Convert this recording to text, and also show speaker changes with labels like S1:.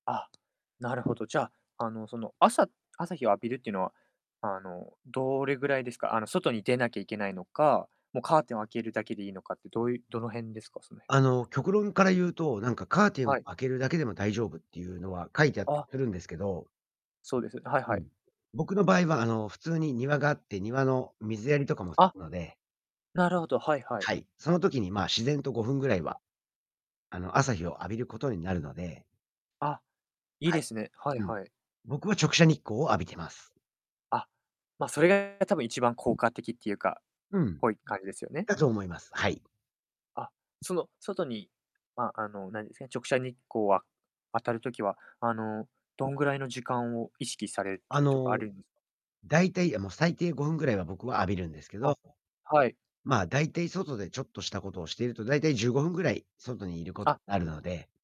S1: あ。なるほど。じゃあ、あのその、朝朝日を浴びるっていうのは、あのどれぐらいですか？あの、外に出なきゃいけないのか、もうカーテンを開けるだけでいいのかって、どういうどの辺ですか？その
S2: あ
S1: 辺は。
S2: の極論から言うと、なんかカーテン
S1: はい。
S2: 開けるだけでも大丈夫っていうのは書いてあったり
S1: あ。
S2: するんですけど
S1: そうです。はい
S2: う
S1: はい。
S2: ん。僕の場合は、あの普通に庭があって、庭の水やりとかもす
S1: あ。
S2: るので
S1: なるほど、はいはい。
S2: はい。その時に、ま、自然と5分ぐらいは、あの朝日を浴びることになるので。
S1: あ。いい
S2: はい。
S1: ですね。はい
S2: うん。
S1: はい。
S2: 僕は直射日光を浴びてます。
S1: あ。ま、それが多分一番効果的っていうか、っ
S2: うん。
S1: ぽい感じですよね。
S2: だと思います。はい。
S1: あ。その外にま、あの何ですか、直射日光は当たる時は、あのどんぐらいの時間を意識されて
S2: あ
S1: るとかある
S2: の、
S1: ん
S2: だいたいあ、もう最低5分ぐらいは僕は浴びるんですけど。
S1: あ。はい。
S2: ま、大体外でちょっとしたことをしていると、大体15分ぐらい外にいること
S1: あ。
S2: になるので。